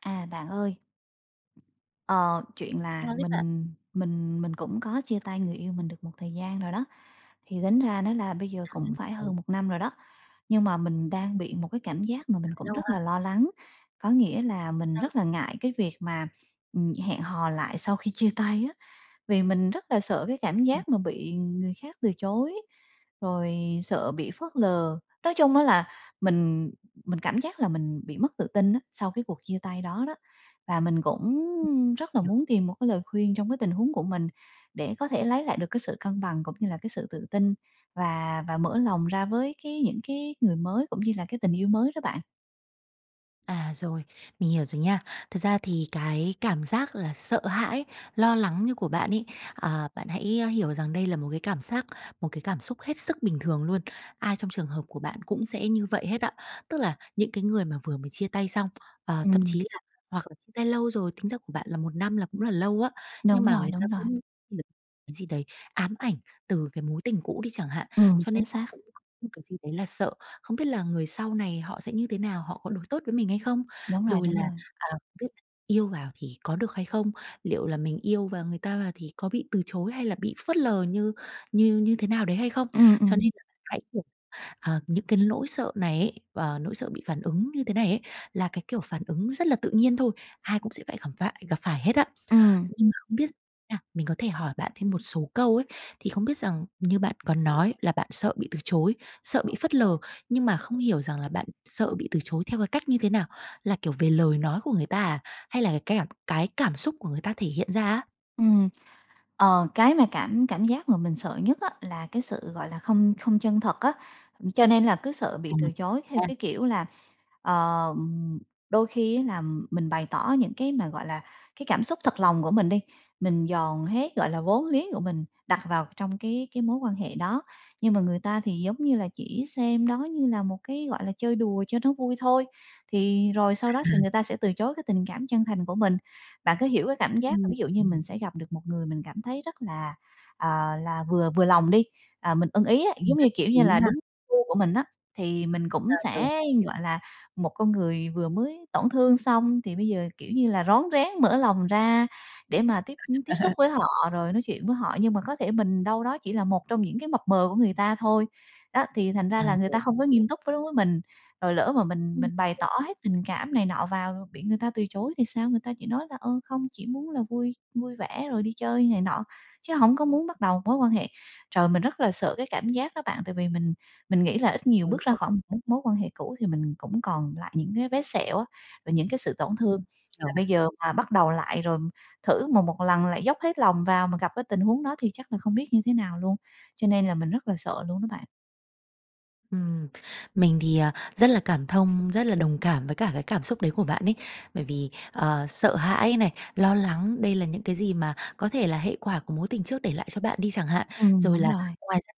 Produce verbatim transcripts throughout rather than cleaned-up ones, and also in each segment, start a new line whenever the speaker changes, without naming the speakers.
À, bạn ơi! Ờ, chuyện là
Sao thế bạn?
mình mình mình cũng có chia tay người yêu mình được một thời gian rồi đó. Thì tính ra đó là bây giờ
À,
cũng phải
rồi.
hơn một năm rồi đó, nhưng mà mình đang bị một cái cảm giác mà mình cũng
Lâu
rất
ha.
là lo lắng, có nghĩa là mình
Đang
rất là ngại cái việc mà, ừm, hẹn hò lại sau khi chia tay á, vì mình rất là sợ cái cảm
Ừm.
giác mà bị người khác từ chối, rồi sợ bị phớt lờ. Nói chung á là mình mình cảm giác là mình bị mất tự tin á sau cái cuộc chia tay đó đó. Và mình cũng rất là
Hiểu
muốn tìm một cái lời khuyên trong cái tình huống của mình để có thể lấy lại được cái sự cân bằng cũng như là cái sự tự tin và và mở lòng ra với cái những cái người mới cũng như là cái tình yêu mới đó bạn.
À, rồi, mình hiểu rồi nha. Thật ra thì cái cảm giác là sợ hãi, lo lắng như của bạn ấy, à, bạn hãy, ơ, hiểu rằng đây là một cái cảm giác, một cái cảm xúc hết sức bình thường luôn. Ai trong trường hợp của bạn cũng sẽ như vậy hết á. Tức là những cái người mà vừa mới chia tay xong, ờ, thậm chí
Ừm.
là hoặc là chia tay lâu rồi, tính ra của bạn là một năm là cũng là lâu á. Nhưng
Đúng
mà
rồi,
người ta
đúng rồi.
cũng đ cái gì đấy ám ảnh từ cái mối tình cũ đi chẳng hạn,
Ừm,
cho nên
chính xác.
những cái gì đấy là sợ, không biết là người sau này họ sẽ như thế nào, họ có đối tốt với mình hay không?
Đúng rồi,
Rồi
đúng
là,
rồi.
à, cái yêu vào thì có được hay không? Liệu là mình yêu và người ta và thì có bị từ chối hay là bị phớt lờ như như như thế nào đấy hay không?
Ừm,
Cho
ừm.
nên hãy, kiểu, ờ, những cái nỗi sợ này ấy, và nỗi sợ bị phản ứng như thế này ấy là cái, kiểu, phản ứng rất là tự nhiên thôi, ai cũng sẽ phải gặp vại gặp phải hết á.
Ừm.
Nhưng mà không biết s nha, mình có thể hỏi bạn thêm một số câu ấy, thì không biết rằng như bạn có nói là bạn sợ bị từ chối, sợ bị phớt lờ, nhưng mà không hiểu rằng là bạn sợ bị từ chối theo cái cách như thế nào? Là, kiểu, về lời nói của người ta à, hay là cái keng cái cảm xúc của người ta thể hiện ra á?
Ừm. Ờ, cái mà cảm cảm giác mà mình sợ nhất á, là cái sự, gọi là, không không chân thật á. Ừm, cho nên là cứ sợ bị
Ừm
từ chối theo
ha.
cái kiểu là, ờm, đôi khi á làm mình bày tỏ những cái mà, gọi là, cái cảm xúc thật lòng của mình đi, mình dồn hết, gọi là, vốn liếng của mình đặt vào trong cái cái mối quan hệ đó, nhưng mà người ta thì giống như là chỉ xem đó như là một cái, gọi là, chơi đùa cho nó vui thôi, thì rồi sau đó
À
thì
ha.
người ta sẽ từ chối cái tình cảm chân thành của mình. Bạn có hiểu cái cảm giác là
Ừm,
ví dụ như
ừm.
mình sẽ gặp được một người mình cảm thấy rất là, à, là vừa vừa lòng đi, à, mình ưng ý á,
Mình
giống
rất
như, kiểu
hiểu
như là,
nha.
đúng gu của mình á, thì mình
À,
cũng
rồi!
sẽ, gọi là, một con người vừa mới tổn thương xong thì bây giờ, kiểu như là, rón rén mở lòng ra để mà tiếp, ưm, tiếp xúc với họ rồi nói chuyện với họ, nhưng mà có thể mình đâu đó chỉ là một trong những cái mập mờ của người ta thôi. Đó, thì thành
À,
ra là người
rồi.
ta không có nghiêm túc với đối với mình, rồi lỡ mà mình
Ừm.
mình bày tỏ hết tình cảm này nọ vào, bị người ta từ chối thì sao, người ta chỉ nói là, ơ, không, chỉ muốn là vui vui vẻ rồi đi chơi này nọ, chứ hổng có muốn bắt đầu mối quan hệ. Trời, mình rất là sợ cái cảm giác đó bạn, tại vì mình mình nghĩ là ít nhiều
Ừ,
bước ra
không
khỏi một mối mối quan hệ cũ thì mình cũng còn lại những cái vết sẹo á, và những cái sự tổn
Ừm,
thương, mà
hiểu.
bây giờ mà bắt đầu lại rồi thử một một lần lại dốc hết lòng vào mà gặp cái tình huống đó thì chắc là không biết như thế nào luôn, cho nên là mình rất là sợ luôn đó bạn.
Ừm, mình thì, à, rất là cảm thông, rất là đồng cảm với cả cái cảm xúc đấy của bạn ấy, bởi vì, ờ, sợ hãi này, lo lắng, đây là những cái gì mà có thể là hệ quả của mối tình trước để lại cho bạn đi chẳng hạn.
Ừm,
Rồi
đúng
là
rồi.
ngoài ra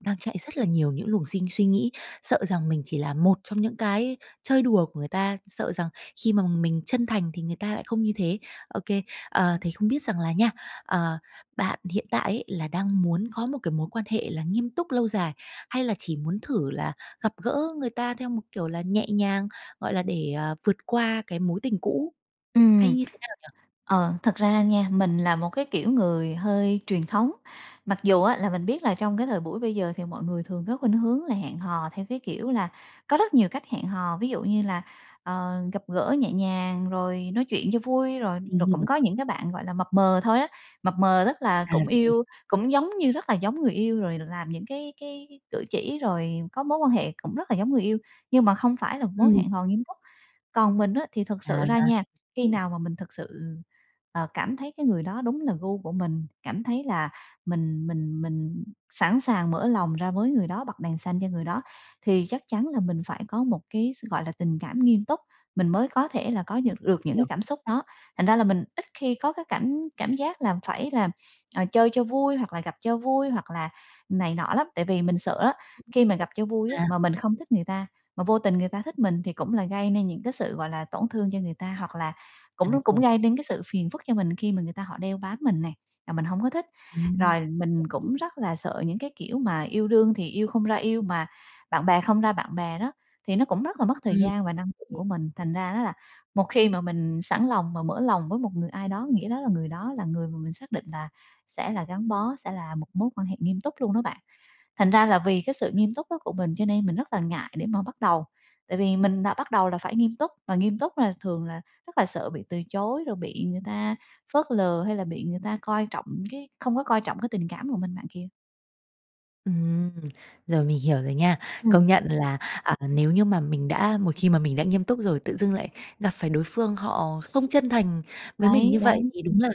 đang chạy rất là nhiều những luồng sinh suy nghĩ, sợ rằng mình chỉ là một trong những cái chơi đùa của người ta, sợ rằng khi mà mình chân thành thì người ta lại không như thế, ô kê. Ờ, thì không biết rằng là nha, ờ, bạn hiện tại ấy là đang muốn có một cái mối quan hệ là nghiêm túc lâu dài, hay là chỉ muốn thử là gặp gỡ người ta theo một kiểu là nhẹ nhàng, gọi là, để, ờ, vượt qua cái mối tình cũ hay
Ừm.
như thế nào nhỉ?
Ờ, thật ra nha, mình là một cái, kiểu, người hơi truyền thống, mặc dù á là mình biết là trong cái thời buổi bây giờ thì mọi người thường có khuynh hướng là hẹn hò theo, cái kiểu là, có rất nhiều cách hẹn hò, ví dụ như là, ờ, gặp gỡ nhẹ nhàng rồi nói chuyện cho vui, rồi
Ừm
rồi
hừm.
cũng có những cái bạn, gọi là, mập mờ thôi á, mập mờ tức là
À,
cũng
rồi.
yêu, cũng giống như rất là giống người yêu rồi làm những cái cái cử chỉ, rồi có mối quan hệ cũng rất là giống người yêu, nhưng mà không phải là một mối
Ừm.
hẹn hò nghiêm túc. Còn mình á, thì thực
À,
sự ra nha, khi
ừm.
nào mà mình thực sự, ờ, cảm thấy cái người đó đúng là gu của mình, cảm thấy là mình mình mình sẵn sàng mở lòng ra với người đó, bật đèn xanh cho người đó, thì chắc chắn là mình phải có một cái s gọi là, tình cảm nghiêm túc, mình mới có thể là có
Ừ.
nhược được
Mình
những
hiểu.
cái cảm xúc đó. Thành ra là mình ít khi có cái cảm cảm giác là phải làm, à, chơi cho vui hoặc là gặp cho vui hoặc là này nọ lắm, tại vì mình sợ á, khi mà gặp cho vui á,
À.
mà mình không thích người ta, mà vô tình người ta thích mình, thì cũng là gây nên những cái sự, gọi là, tổn thương cho người ta hoặc là
À,
cũng nó cũng
rồi.
gây nên cái sự phiền phức cho mình khi mà người ta họ đeo bám mình nè, là mình hổng có thích.
Ừm,
Rồi
hợp
mình
lý.
cũng rất là sợ những cái, kiểu, mà yêu đương thì yêu không ra yêu mà bạn bè không ra bạn bè đó, thì nó cũng rất là mất thời
Ừm.
gian và năng lượng
OK
của mình, thành ra đó là một khi mà mình sẵn lòng mà mở lòng với một người ai đó, nghĩa đó là người đó là người mà mình xác định là sẽ là gắn bó, sẽ là một mối quan hệ nghiêm túc luôn đó bạn. Thành ra là vì cái sự nghiêm túc đó của mình cho nên mình rất là ngại để mà bắt đầu, tại vì mình đã bắt đầu là phải nghiêm túc, mà nghiêm túc là thường là rất là sợ bị từ chối, rồi bị người ta phớt lờ hay là bị người ta coi trọng cái không có coi trọng cái tình cảm của mình bạn kìa.
Ừm. Rồi, mình hiểu rồi nha.
Ừm.
Công nhận là, ờ, nếu như mà mình đã một khi mà mình đã nghiêm túc rồi tự dưng lại gặp phải đối phương, họ không chân thành với mình
Đấy,
như
đấy,
vậy thì đúng
ừm.
là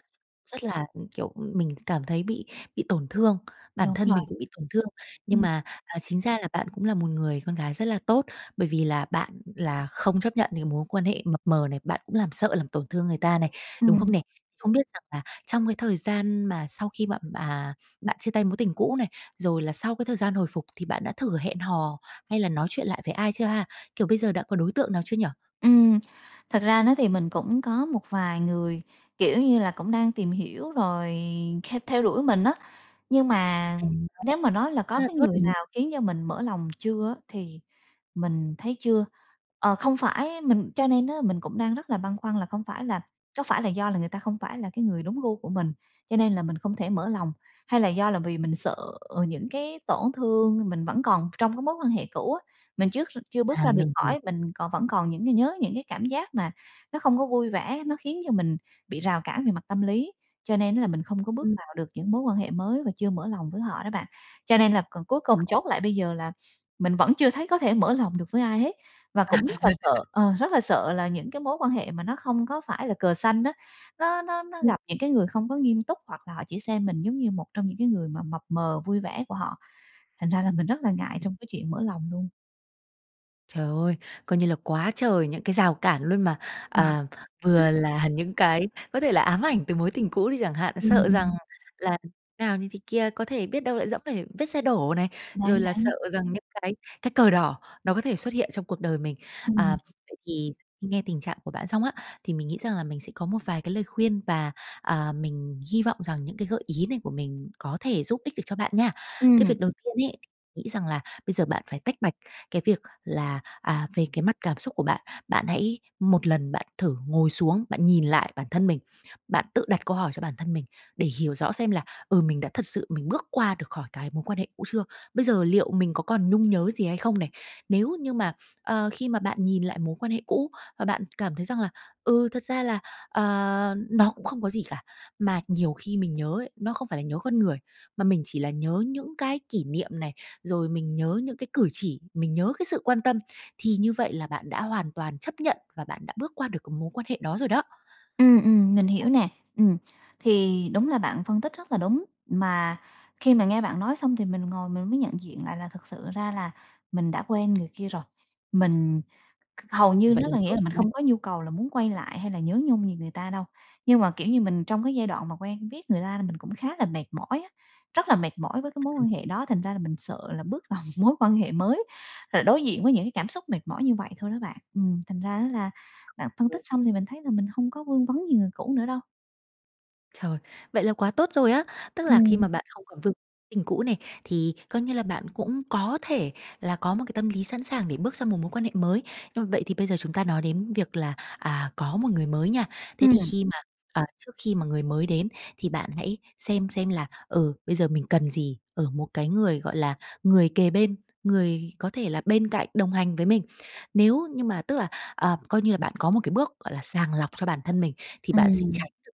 rất là, ừm, kiểu, mình cảm thấy bị bị tổn thương, bản
Đúng
thân
rồi.
mình cũng bị tổn thương. Nhưng
Ừm.
mà, à, chính ra là bạn cũng là một người con gái rất là tốt, bởi vì là bạn là không chấp nhận những mối quan hệ mập mờ này, bạn cũng làm sợ làm tổn thương người ta này, đúng không
Ừm.
này? Không biết rằng là trong cái thời gian mà sau khi bạn, à, bạn chia tay mối tình cũ này, rồi là sau cái thời gian hồi phục thì bạn đã thử hẹn hò hay là nói chuyện lại với ai chưa ha? Kiểu bây giờ đã có đối tượng nào chưa nhỉ?
Ừm. Thật ra nó thì mình cũng có một vài người, kiểu như là, cũng đang tìm hiểu rồi theo theo đuổi mình á, nhưng mà
Ơ,
nếu mà nói là có cái
rất
người
đúng.
nào khiến cho mình mở lòng chưa á thì mình thấy chưa. Ờ, không phải mình cho nên á mình cũng đang rất là băn khoăn là không phải là có phải là do là người ta không phải là cái người đúng gu của mình, cho nên là mình không thể mở lòng, hay là do là vì mình sợ những cái tổn thương mình vẫn còn trong cái mối quan hệ cũ á, mình trước chưa bước
À,
ra được
mình hiểu.
khỏi, mình còn vẫn còn những cái nhớ những cái cảm giác mà nó không có vui vẻ, nó khiến cho mình bị rào cản về mặt tâm lý, cho nên á là mình không có bước
Ừm.
vào được những mối quan hệ mới và chưa mở lòng với họ đó bạn. Cho nên là còn cuối cùng chốt lại bây giờ là mình vẫn chưa thấy có thể mở lòng được với ai hết và cũng rất là sợ, ờ, rất là sợ là những cái mối quan hệ mà nó không có phải là cờ xanh á, nó nó nó
Ừm.
gặp những cái người không có nghiêm túc, hoặc là họ chỉ xem mình giống như một trong những cái người mà mập mờ, vui vẻ của họ, thành ra là mình rất là ngại trong cái chuyện mở lòng luôn.
Trời ơi, coi như là quá trời những cái rào cản luôn mà, à, vừa là những cái, có thể là ám ảnh từ mối tình cũ đi chẳng hạn,
Ừm,
sợ rằng
ừm.
làm nào, như thế kia, có thể biết đâu lại dẫm phải vết xe đổ này.
Đấy,
Rồi là sợ
đấy.
rằng những cái cái cờ đỏ nó có thể xuất hiện trong cuộc đời mình. À,
Ừm.
vậy thì nghe tình trạng của bạn xong á, thì mình nghĩ rằng là mình sẽ có một vài cái lời khuyên, và, à, mình hy vọng rằng những cái gợi ý này của mình có thể giúp ích được cho bạn nha. Cái
Ừm.
việc đầu tiên mình nghĩ rằng là bây giờ bạn phải tách bạch cái việc là, à, về cái mặt cảm xúc của bạn. Bạn hãy một lần bạn thử ngồi xuống, bạn nhìn lại bản thân mình, bạn tự đặt câu hỏi cho bản thân mình để hiểu rõ xem là "Ừ, mình đã thật sự mình bước qua được khỏi cái mối quan hệ cũ chưa? Bây giờ liệu mình có còn nhung nhớ gì hay không này?" Nếu như mà, ờ, khi mà bạn nhìn lại mối quan hệ cũ, và bạn cảm thấy rằng là "Ừ, thật ra là, ờ, nó cũng không có gì cả. Mà nhiều khi mình nhớ ấy, nó không phải là nhớ con người, mà mình chỉ là nhớ những cái kỷ niệm này, rồi mình nhớ những cái cử chỉ, mình nhớ cái sự quan tâm", thì như vậy là bạn đã hoàn toàn chấp nhận và bạn đã bước qua được cái mối quan hệ đó rồi đó.
Ừm, ừm, mình hiểu nè. Ừm, thì đúng là bạn phân tích rất là đúng. Mà khi mà nghe bạn nói xong thì mình ngồi mình mới nhận diện lại là thực sự ra là mình đã quên người kia rồi. Mình kh hầu như
Vậy
nó
là
là nghĩa
tốt
là
rồi,
mình
đúng không?
hông có nhu cầu là muốn quay lại hay là nhớ nhung gì người ta đâu. Nhưng mà, kiểu như, mình trong cái giai đoạn mà quen biết người ta, mình cũng khá là mệt mỏi á, rất là mệt mỏi với cái mối quan hệ đó. Thành ra là mình sợ là bước vào một mối quan hệ mới, rồi đối diện với những cái cảm xúc mệt mỏi như vậy thôi đó bạn. Ừm, thành ra đó là bạn phân tích
Ừm.
xong thì mình thấy là mình hông có vương vấn gì người cũ nữa đâu.
Trời, vậy là quá tốt rồi á! Tức là khi mà
Ừm.
bạn không còn vương tình cũ này, thì coi như là bạn cũng có thể là có một cái tâm lý sẵn sàng để bước sang một mối quan hệ mới, ơ, vậy thì bây giờ chúng ta nói đến việc là, à, có một người mới nha. Thế thì
Ừm.
khi mà à, trước khi mà người mới đến thì bạn hãy xem xem là, ừ, bây giờ mình cần gì ở một cái người, gọi là, người kề bên, người có thể là bên cạnh đồng hành với mình, nếu như mà tức là, ờ, coi như là bạn có một cái bước, gọi là, sàng lọc cho bản thân mình thì bạn sẽ
Ừm.
tránh được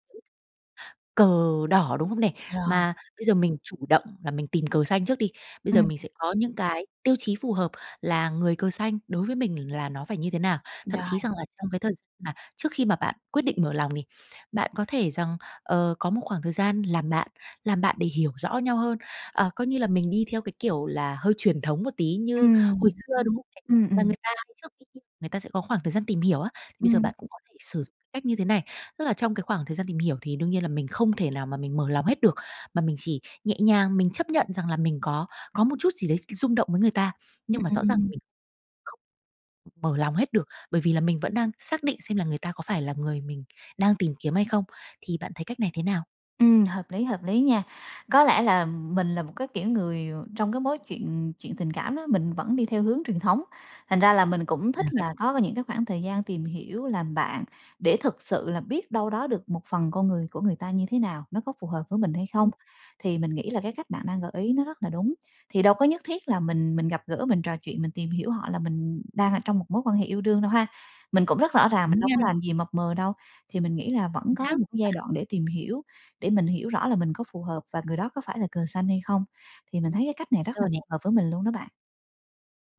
những cờ đỏ, đúng không nè?
Rồi.
Mà bây giờ mình chủ động là mình tìm cờ xanh trước đi, bây giờ
Ừm.
mình sẽ có những cái tiêu chí phù hợp là người cờ xanh đối với mình là nó phải như thế nào? Thậm chí
Rồi.
rằng là trong cái thời gi mà trước khi mà bạn quyết định mở lòng mình, bạn có thể rằng, ờ, có một khoảng thời gian làm bạn, làm bạn để hiểu rõ nhau hơn, ờ, coi như là mình đi theo cái, kiểu là, hơi truyền thống một tí như
Ừm,
hồi xưa,
đúng.
đúng không nè?
Ừm,
Là
ừm.
người ta trước khi yêu người ta sẽ có khoảng thời gian tìm hiểu á, bây giờ
Ừm.
bạn cũng có thể sử cách như thế này, tức là trong cái khoảng thời gian tìm hiểu thì đương nhiên là mình không thể nào mà mình mở lòng hết được, mà mình chỉ nhẹ nhàng, mình chấp nhận rằng là mình có có một chút gì đấy r rung động với người ta,
Ừm,
nhưng mà
ừm,
rõ
ừm,
ràng
ừm.
mình không mở lòng hết được, bởi vì là mình vẫn đang xác định xem là người ta có phải là người mình đang tìm kiếm hay không, thì bạn thấy cách này thế nào?
Ừm, hợp lý, hợp lý nha. Có lẽ là mình là một cái kiểu người, ờ, trong cái mối chuyện chuyện tình cảm đó, mình vẫn đi theo hướng truyền thống, thành ra là mình cũng
À,
thích
vậy
là có cái những cái khoảng thời gian tìm hiểu, làm bạn để thực sự là biết đâu đó được một phần con người của người ta như thế nào, nó có phù hợp với mình hay không?
Ừm.
Thì mình nghĩ là cái cách bạn đang gợi ý nó rất là đúng, thì đâu có nhất thiết là mình mình gặp gỡ, mình trò chuyện, mình tìm hiểu họ là mình đang ở trong một mối quan hệ yêu đương đâu ha? Mình cũng rất rõ ràng, mình
Đúng
đâu
nha.
có làm gì mập mờ đâu, thì mình nghĩ là vẫn
Chính
có
xác,
một cái
bạn.
giai đoạn để tìm hiểu, để mình hiểu rõ là mình có phù hợp và người đó có phải là cờ xanh hay không. Thì mình thấy cái cách này rất
Ờ,
là
nè.
phù hợp với mình luôn đó bạn.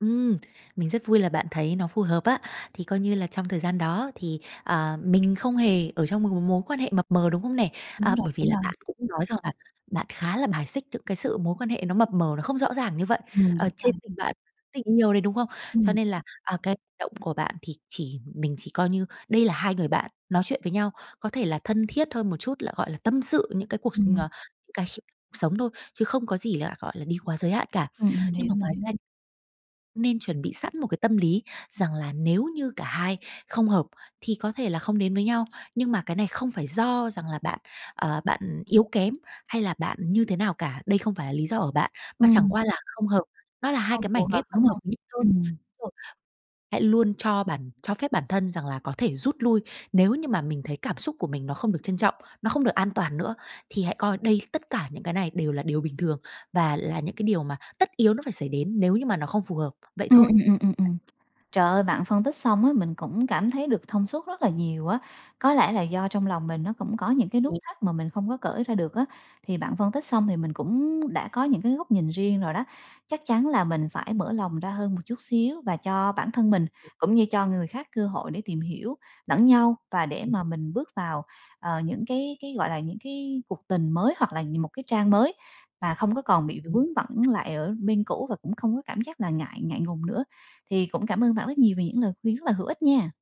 Ừm, mình rất vui là bạn thấy nó phù hợp á. Thì coi như là trong thời gian đó thì, à, mình không hề ở trong một cái mối quan hệ mập mờ, đúng không nè?
Đúng
À,
rồi,
bởi vì
đúng
là
rồi.
bạn cũng nói rằng là bạn khá là bài xích những cái sự mối quan hệ nó mập mờ, nó không rõ ràng như vậy,
Ừm,
ờ,
đúng
trên
rồi.
tình bạn và dưới tình yêu đấy, đúng không? Cho
Ừm.
nên là, à, cái động của bạn thì chỉ mình chỉ coi như đây là hai người bạn nói chuyện với nhau, có thể là thân thiết hơn một chút là, gọi là, tâm sự những cái cuộc s ờ,
Ừm.
những cái khía cuộc sống thôi, chứ không có gì là, gọi là, đi quá giới hạn cả.
Ừm, mình
Nhưng mà
hiểu, mình
ngoài
hiểu.
ra nên chuẩn bị sẵn một cái tâm lý rằng là nếu như cả hai không hợp thì có thể là không đến với nhau, nhưng mà cái này không phải do rằng là bạn, ờ, bạn yếu kém hay là bạn như thế nào cả. Đây không phải là lý do ở bạn, mà chẳng
Ừm.
qua là không hợp, nó là hai
Không
cái mảnh
phù hợp,
ghép
đúng
không hợp
hông?
lý thôi.
Ừm.
Rồi. Hãy luôn cho bản cho phép bản thân rằng là có thể rút lui nếu như mà mình thấy cảm xúc của mình nó không được trân trọng, nó không được an toàn nữa. Thì hãy coi đây tất cả những cái này đều là điều bình thường và là những cái điều mà tất yếu nó phải xảy đến nếu như mà nó không phù hợp. Vậy
Ừm,
thôi.
ừm, ừm, ừm, ừm. Trời ơi, bạn phân tích xong á, mình cũng cảm thấy được thông suốt rất là nhiều á. Có lẽ là do trong lòng mình nó cũng có những cái
Ừm.
nút thắt mà mình không có cởi ra được á, thì bạn phân tích xong thì mình cũng đã có những cái góc nhìn riêng rồi đó. Chắc chắn là mình phải mở lòng ra hơn một chút xíu và cho bản thân mình cũng như cho người khác cơ hội để tìm hiểu lẫn nhau, và để
Ừm.
mà mình bước vào, ờ, những cái cái, gọi là, những cái cuộc tình mới, hoặc là nh một cái trang mới mà không có còn bị
Đúng
vướng
rồi đó bạn!
bận lại ở bên cũ và cũng không có cảm giác là ngại ngại ngùng nữa. Thì cũng cảm ơn bạn rất nhiều về những lời khuyên rất là hữu ích nha!